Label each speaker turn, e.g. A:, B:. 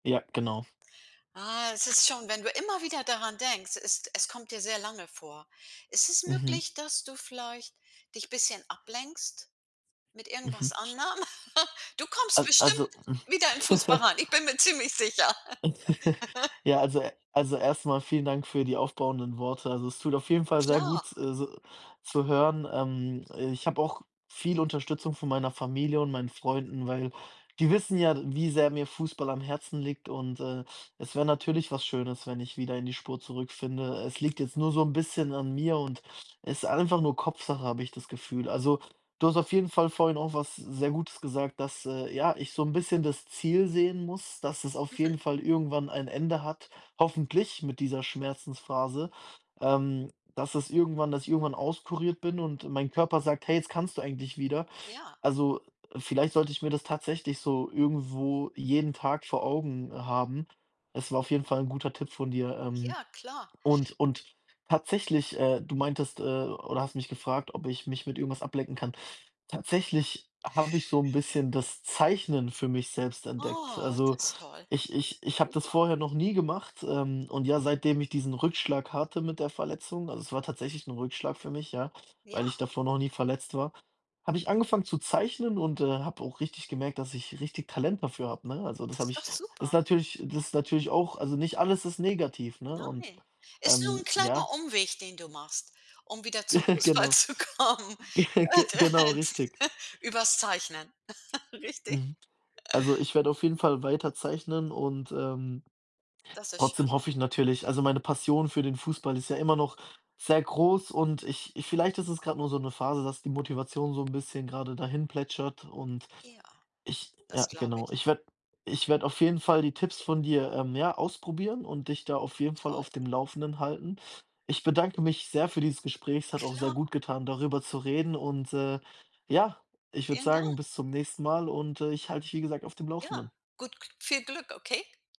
A: Ja, genau.
B: Ah, es ist schon, wenn du immer wieder daran denkst, es es kommt dir sehr lange vor. Ist es
A: Mhm.
B: möglich, dass du vielleicht dich bisschen ablenkst mit
A: Mhm.
B: irgendwas anderem? Du kommst
A: A also,
B: bestimmt
A: hm.
B: wieder in Fußball rein. Ich bin mir ziemlich sicher.
A: Ja, also also erst mal vielen Dank für die aufbauenden Worte. Also, es tut auf jeden Fall sehr
B: Klar.
A: gut, äh, so zu hören, ähm. Ich habe auch viel Unterstützung von meiner Familie und meinen Freunden, weil die wissen ja, wie sehr mir Fußball am Herzen liegt und, äh, es wär natürlich was Schönes, wenn ich wieder in die Spur zurückfinde. Es liegt jetzt nur so 'n bisschen an mir und ist einfach nur Kopfsache, habe ich das Gefühl. Also, du hast auf jeden Fall vorhin auch was sehr Gutes gesagt, dass, äh, ja, ich so 'n bisschen das Ziel sehen muss, dass es auf
B: Mhm.
A: jeden Fall irgendwann ein Ende hat, hoffentlich mit dieser Schmerzensphase, ähm, dass es irgendwann dass ich irgendwann auskuriert bin und mein Körper sagt: „Hey, jetzt kannst du eigentlich wieder.”
B: Ja.
A: Also, vielleicht sollte ich mir das tatsächlich so irgendwo jeden Tag vor Augen haben. Es war auf jeden Fall 'n guter Tipp von dir, ähm.
B: Ja, klar.
A: Und und tatsächlich, äh, du meintest äh, oder hast mich gefragt, ob ich mich mit irgendwas ablenken kann. Tatsächlich habe ich so 'n bisschen das Zeichnen für mich selbst entdeckt.
B: Oh, das
A: Also,
B: ist toll.
A: ich ich ich habe das
B: Super.
A: vorher noch nie gemacht, ähm, und ja, seitdem ich diesen Rückschlag hatte mit der Verletzung also, es war tatsächlich 'n Rückschlag für mich, ja,
B: Ja.
A: weil ich davor noch nie verletzt war, habe ich angefangen zu zeichnen und, äh, habe auch richtig gemerkt, dass ich richtig Talent dafür habe, ne? Also, das
B: Das
A: habe
B: ist doch
A: ich ist
B: super.
A: natürlich das ist natürlich auch also nicht alles ist negativ, ne? Und,
B: Nein, ist nur 'n
A: ähm, ja.
B: kleiner Umweg, den du machst, um wieder zum Fußball
A: Genau.
B: zu kommen,
A: Ge genau, richtig.
B: übers Zeichnen. Richtig.
A: Mhm. Also, ich werde auf jeden Fall weiter zeichnen und, ähm,
B: Das ist schön.
A: trotzdem hoffe ich natürlich also, meine Passion für den Fußball ist ja immer noch sehr groß und ich ich vielleicht ist es grad nur so 'ne Phase, dass die Motivation so 'n bisschen grade dahinplätschert und
B: Ja,
A: ich
B: das
A: ja,
B: glaube
A: genau.
B: ich.
A: Ich werde ich werde auf jeden Fall die Tipps von dir, ähm, ja, ausprobieren und dich da auf jeden Fall
B: Toll.
A: auf dem Laufenden halten. Ich bedanke mich sehr für dieses Gespräch. Es hat auch sehr
B: Klar.
A: gut getan, darüber zu reden. Und, äh, ja, ich würde
B: Vielen
A: sagen,
B: Dank.
A: bis zum nächsten Mal und, äh, ich halte dich, wie gesagt, auf dem
B: Ja,
A: Laufenden.
B: gut G viel Glück, okay?